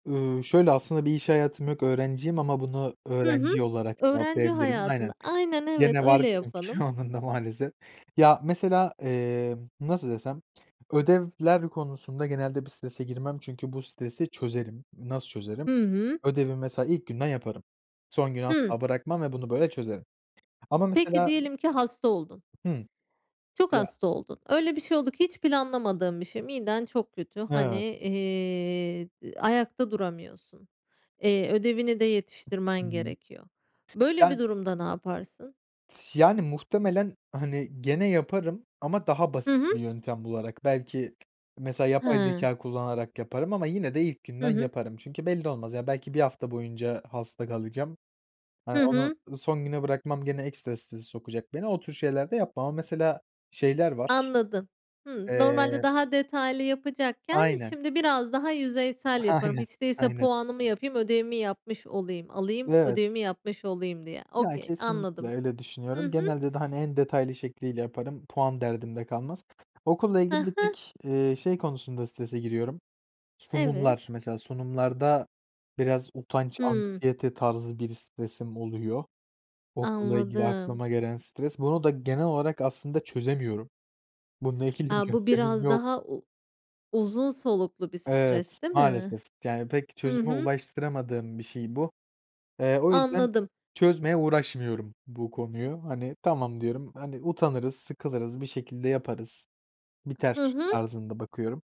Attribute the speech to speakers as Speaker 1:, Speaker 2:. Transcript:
Speaker 1: Iıı, şöyle, aslında bir iş hayatım yok öğrenciyim ama bunu
Speaker 2: Hı
Speaker 1: öğrenci
Speaker 2: hı.
Speaker 1: olarak
Speaker 2: Öğrenci
Speaker 1: cevaplayabilirim.
Speaker 2: hayatında,
Speaker 1: Aynen.
Speaker 2: aynen evet,
Speaker 1: Gene var
Speaker 2: öyle
Speaker 1: çünkü
Speaker 2: yapalım.
Speaker 1: onun da maalesef. Ya, mesela, emm, nasıl desem, ödevler konusunda genelde bir strese girmem. Çünkü bu stresi çözerim. Nasıl çözerim?
Speaker 2: Hı hı.
Speaker 1: Ödevi mesela ilk günden yaparım. Son güne
Speaker 2: Hı.
Speaker 1: asla bırakmam ve bunu böyle çözerim ama
Speaker 2: Peki,
Speaker 1: mesela
Speaker 2: diyelim ki hasta oldun.
Speaker 1: Hı.
Speaker 2: Çok
Speaker 1: Ya!
Speaker 2: hasta oldun. Öyle bir şey oldu ki, hiç planlamadığın bir şey. Miden çok kötü. Hani,
Speaker 1: Evet.
Speaker 2: eee, ayakta duramıyorsun. Eee, ödevini de yetiştirmen
Speaker 1: Hı hı.
Speaker 2: gerekiyor. Böyle bir
Speaker 1: Yani.
Speaker 2: durumda ne yaparsın?
Speaker 1: S yani muhtemelen, hani, gene yaparım ama daha
Speaker 2: Hı
Speaker 1: basit
Speaker 2: hı.
Speaker 1: bir yöntem bularak. Belki mesela yapay
Speaker 2: He.
Speaker 1: zekâ kullanarak yaparım ama yine de ilk
Speaker 2: Hı
Speaker 1: günden
Speaker 2: hı.
Speaker 1: yaparım çünkü belli olmaz. Ya belki bir hafta boyunca hasta kalacağım. Hani,
Speaker 2: Hı
Speaker 1: onu
Speaker 2: hı.
Speaker 1: son güne bırakmam gene ekstra strese sokacak beni. O tür şeyler de yapmam ama mesela şeyler var.
Speaker 2: Anladım. Hımm.
Speaker 1: Eee
Speaker 2: Normalde daha detaylı yapacakken
Speaker 1: Aynen.
Speaker 2: şimdi biraz daha yüzeysel yaparım
Speaker 1: Aynen,
Speaker 2: hiç değilse,
Speaker 1: aynen.
Speaker 2: puanımı yapayım, ödevimi yapmış olayım, alayım,
Speaker 1: Evet.
Speaker 2: ödevimi yapmış olayım diye.
Speaker 1: Ya
Speaker 2: Okey.
Speaker 1: kesinlikle
Speaker 2: Anladım.
Speaker 1: öyle
Speaker 2: Hı
Speaker 1: düşünüyorum.
Speaker 2: hı.
Speaker 1: Genelde de hani, en detaylı şekliyle yaparım. Puan derdim de kalmaz. Okulla
Speaker 2: Ha
Speaker 1: ilgili bir
Speaker 2: ha.
Speaker 1: tek, eee, şey konusunda strese giriyorum:
Speaker 2: Evet.
Speaker 1: sunumlar. Mesela sunumlarda biraz utanç,
Speaker 2: Hımm.
Speaker 1: anksiyete, tarzı bir stresim oluyor. Okulla ilgili
Speaker 2: Anladım.
Speaker 1: aklıma gelen stres, bunu da genel olarak aslında çözemiyorum. Bununla ilgili bir
Speaker 2: A, bu
Speaker 1: yöntemim
Speaker 2: biraz
Speaker 1: yok.
Speaker 2: daha u uzun soluklu bir
Speaker 1: Evet
Speaker 2: stres değil mi?
Speaker 1: maalesef. Yani pek
Speaker 2: Hı
Speaker 1: çözüme
Speaker 2: hı.
Speaker 1: ulaştıramadığım bir şey bu. Eee, o yüzden
Speaker 2: Anladım.
Speaker 1: çözmeye uğraşmıyorum bu konuyu. Hani, tamam diyorum, hani, utanırız, sıkılırız, bir şekilde yaparız,
Speaker 2: Hı
Speaker 1: biter
Speaker 2: hı.
Speaker 1: tarzında bakıyorum.